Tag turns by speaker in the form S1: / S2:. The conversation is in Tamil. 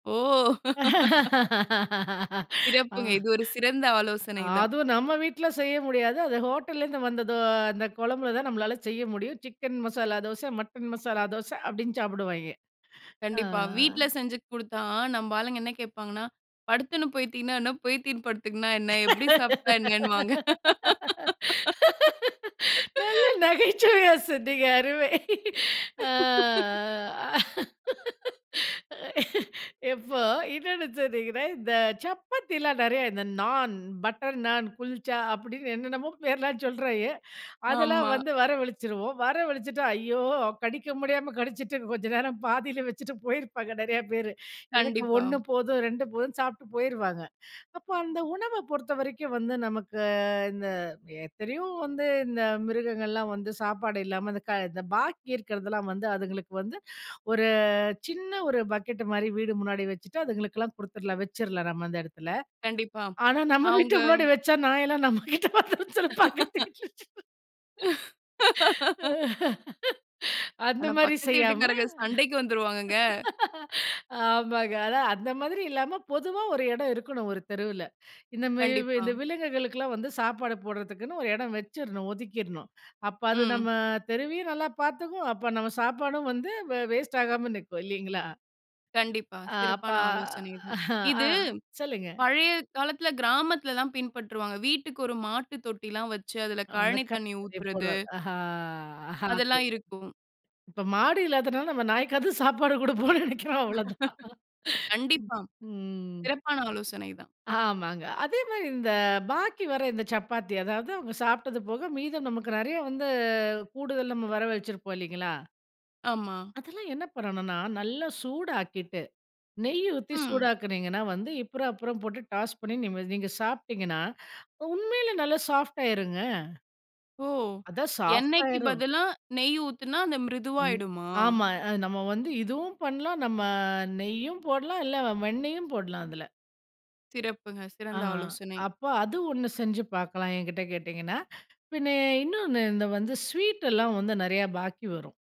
S1: ஓ.
S2: ஆ.
S1: சிறப்புங்க. இது ஒரு சிறந்த ஆலோசனை தான்.
S2: அதுவும் நம்ம வீட்ல செய்ய முடியாது. அது ஹோட்டல்லருந்து வந்த இது, அந்த குழம்புல தான் நம்மளால செய்ய முடியும். சிக்கன் மசாலா தோசை, மட்டன் மசாலா தோசை அப்டின்னு சாப்பிடுவாய்ங்க. அ
S1: கண்டிப்பா. வீட்ல செஞ்சு குடுத்தா, நம்ம ஆளுங்க என்ன கேட்பாங்கன்னா, படுத்துன்னு போத்திகினா என்ன? போய்த்தின்னு படுத்துகுனா என்ன? எப்பிடி சாப்பிட்டா என்னனுவாங்க.
S2: நல்ல நகைச்சுவையா சொன்னீங்க. அருமை. அ அ இப்போ, இன்னொண்ணு சொன்னீங்கன்னா, இந்த சப்பாத்தில நிறையா, இந்த நான், பட்டர் நான், குல்ச்சா அப்டின்னு என்னென்னமோ பேர்லாம் சொல்றாங்க. அதெல்லாம்
S1: ஆமா.
S2: வந்து வரவழிச்சிருவோம். வரவழிச்சிட்டு, ஐயோ! கடிக்க முடியாம கடிச்சிட்டு, கொஞ்சம் நேரம் பாதியில வச்சுட்டு போயிருப்பாங்க, நிறையா பேரு. எனக்கு
S1: கண்டிப்பா.
S2: 1 போதும், 2 போதுன்னு சாப்பிட்டு போயிருவாங்க. அப்போ, அந்த உணவ பொறுத்தவரைக்கும் வந்து, நமக்கு இந்த எத்தனையோ வந்து இந்த மிருகங்கள்லாம் வந்து சாப்பாடு இல்லாம, இந்த க இந்த பாக்கி இருக்கிறதெல்லாம் வந்து அதுங்களுக்கு வந்து ஒரு சின்ன ஒரு பக்கெட் மாரி, வீடு முன்னாடி வச்சுட்டு அதுங்களுக்கெல்லாம் குடுத்துடலாம். வச்சுறலாம், நம்ம அந்த இடத்துல.
S1: கண்டிப்பா.
S2: ஆனா, நம்ம
S1: அவுங்க
S2: வீட்டு முன்னாடி வச்சா, நாயெல்லாம் நம்ம கிட்ட வந்துடும்னு சொல்லி பக்கத்து வீட்ல வச்சிடறது. ஆ. அந்த
S1: ஆனா,
S2: மாரி
S1: பக்கத்து
S2: செய்யாம
S1: வீட்டுக்காரங்க சண்டைக்கு வந்துருவாங்கங்க.
S2: ஆமாங்க. அதான். அந்த மாரி இல்லாம, பொதுவா ஒரு இடம் இருக்கணும். ஒரு தெருவில. இந்த மா
S1: கண்டிப்பா.
S2: இந்த விலங்குகளுக்கெல்லாம் வந்து சாப்பாடு போடுறதுக்குன்னு, ஒரு இடம் வச்சுறணும். ஒதுக்கிறணும். அப்ப, அது நம்ம
S1: ம்.
S2: தெருவையும் நல்லா பார்த்துக்கும். அப்ப, நம்ம சாப்பாடும் வந்து வ வேஸ்ட் ஆகாம நிக்கும், இல்லீங்களா?
S1: கண்டிப்பா.
S2: அ, அப்ப,
S1: சிறப்பான ஆலோசனை தான்.
S2: ஆ
S1: இது
S2: சொல்லுங்க.
S1: பழைய காலத்தில கிராமத்தில தான் பின்பற்றுவாங்க. வீட்டுக்கு ஒரு மாட்டு தொட்டிலாம் வைச்சு அதுல
S2: அந்த
S1: கழனி
S2: க
S1: தண்ணி
S2: தண்ணி
S1: ஊத்துறது.
S2: போடுவா. அஹா அஹா.
S1: அதெல்லாம்
S2: [unintelligible]
S1: இருக்கும்.
S2: இ ப்போ, மாடு இல்லாததுனால, நம்ம நாய்க்காது சாப்பாடு குடுப்போம்ன்னு நினைக்கிறோம். அவ்வளவுதான். ம்.
S1: கண்டிப்பா,
S2: ம்.
S1: சிறப்பான ஆலோசனை தான்.
S2: ஆமாங்க. அதே மாரி இந்த பாக்கி வர இந்த சப்பாத்தி, அதாவது, அவங்க சாப்பிட்டது போக மீதம் நமக்கு நிறையா வந்து, கூடுதல் நம்ம வர வச்சிருப்போம், இல்லைங்களா?
S1: ஆமா.
S2: அதெல்லாம் என்ன பண்ணணும்னா, நல்லா சூடாக்கி விட்டு, நெய் ஊத்தி
S1: ம்.
S2: சூடாக்கினீங்கன்னா, வந்து அப்புறம் அப்புறம் போட்டு டாஸ் பண்ணி நீம நீங்க சாப்ட்டீங்கன்னா, உண்மையிலே நல்லா சாஃப்ட் ஆகிருங்க.
S1: ஓ,
S2: அதான்
S1: எண்ணெய்க்கு
S2: சாஃப்ட்டாயிரும்.
S1: பதிலா நெய் ஊத்துனா, அந்த
S2: ம்.
S1: மிருதுவாயிடுமா?
S2: ஆமா, அ நம்ம வந்து இதுவும் பண்ணலாம். நம்ம நெய்யும் போடலாம். இல்ல, வெண்ணெயும் போடலாம், அதுல.
S1: சிறப்புங்க.
S2: ஆ
S1: சிறந்த
S2: ஆ
S1: ஆலோசனை.
S2: அப்ப, அது ஒண்ணு செஞ்சு பார்க்கலாம் என்கிட்ட கேட்டீங்கன்னா. பின்னே, இன்னொண்ணு இந்த வந்து ஸ்வீட் எல்லாம் வந்து நிறையா பாக்கி வரும்.